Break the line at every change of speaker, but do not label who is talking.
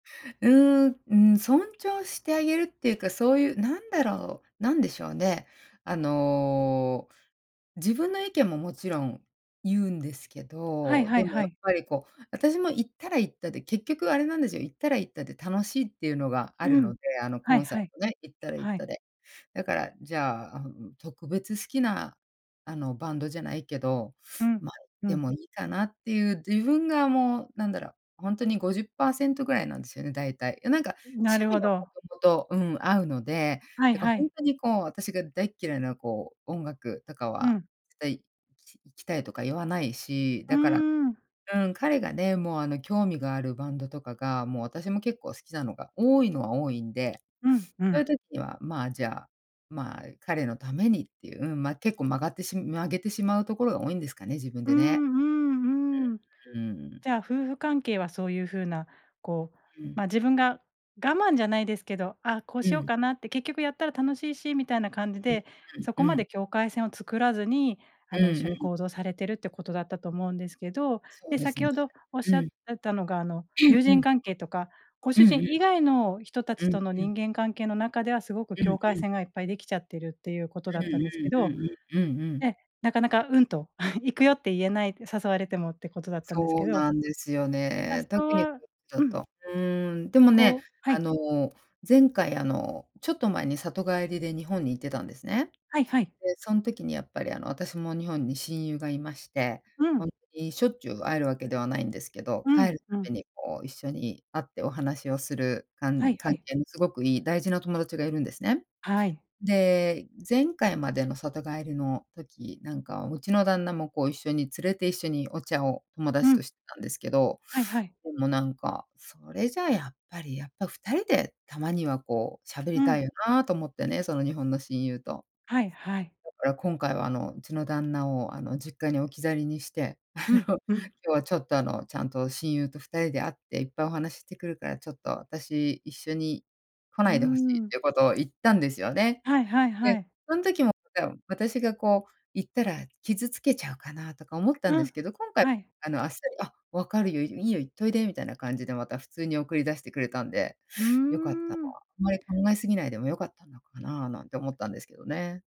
うーん、うん、尊重してあげるっていうか、そういう、なんだろう、なんでしょうね、あの、自分の意見ももちろん言うんですけ
はい
ど、
は
で
い
も
は
やっ
い。
ぱりこう、私も行ったら行ったで結局あれなんですよ、行ったら行ったで楽しいっていうのがあ
う
るの
ん、
で、あの
は
コ
い
ンサー
はい、
トね、行ったら行っ
は
た
い。
で。だから、じゃあ、ん、特別好きなあのバンドじゃないけど、
うん、
ま、
う
で
ん。
もいいかなっていう自分がもうなんだろう、本当に50パーセントぐらいなんですよね、だいたい。なんか
なる
趣
ほ
味はも
ど。
ともと、うん、合うので、
はい
だから
は
ほん
い。
とにこう私が大嫌いなこう音楽とか
う
は
ん。
絶対い行きたいとか言わないし、
うー
だから
ん。
うん、彼がね、もうあの興味があるバンドとかが、もう、私も結構好きなのが多いのは多いんで、
うんう
そうい
ん。
う時には、ま、じゃあ、ま、彼のためにっていう、うん、ま、結構曲がってし曲げてしまうところが多いんですかね、自分
う
で
ん
ね。
うんうん。
うんうん。
じゃあ夫婦関係はそういう風な、こう、
うん。
ま、自分が我慢じゃないですけど「あ、こう
う
しよう
ん。
かな」って「結局やったら楽しいし」みたいな感じ
うん
で、そこ
うんう
ま
ん。
で境界線を作らずに、
う
あ
ん
の、一緒に
うん。
行動されてるってことだったと思うんですけど、
そう
で、
です
先
ね、
ほどおっし
う
ゃっ
ん。
てたのが、あの友
う
人
ん。
関係とか、ご
う
主
んう
人
ん。
以外の人たち
うん
との
うん。
人間関係の中ではすごく
うんう
境界
ん。
線がいっぱいできちゃってるっていうこと
う
だったんです
ん
け
うんう
ど、
んうん、うんうん。
え、なかなか「うん」と 「行くよ」って言えないって誘われてもってことだったんです
そ
け
う
ど。
なんですよね。
誘
特にこ
わ
っちだ
うん。
と。うーん、でもね、
こうは
あ
い。
の前回、あのちょっと前に里帰りで日本に行ってたんですね。
はいはい。
で、そん時にやっぱりあの私も日本に親友がいまして、
う
本
ん。
当にしょっちゅう会えるわけではないんですけど、
うん、
帰る
うん。
度にこう一緒に会ってお話をする
は
関
いは
関
い。
係のすごくいい大事なお友達がいるんですね。
はい。
で、前回までの里帰りの時、なんかうちの旦那もこう一緒に連れて一緒にお茶を友
う
達と
ん。
してたんですけど、
はいはい。
でもなんか、それじゃやっぱりやっぱ2人でたまにはこう喋り
う
た
ん。
いよなと思ってね、その日本の親友と。
はいはい。
だから今回はあのうちの旦那をあの実家に置き去りにして、あ
う
の
ん、
「今
うん。
日はちょっと、あのちゃんと親友と2人で会っていっぱいお話ししてくるから、ちょっと私一緒に来
うー
ないで欲しい」っ
ん。
ていうことを言ったんですよね。
はいはいは
で、
い。
そん時もなんか私がこう言ったら傷つけちゃうかなとか思ったん
う
で
ん、
すけど、今回
はい。
あのあっさり「あっ、分かるよ、いいいよ、行っといで」みたいな感じでまた普通に送り出してくれたんで、
うー
良かったわ、
ん。
あんまり考え過ぎないでも良かったのかななんて思ったんですけどね。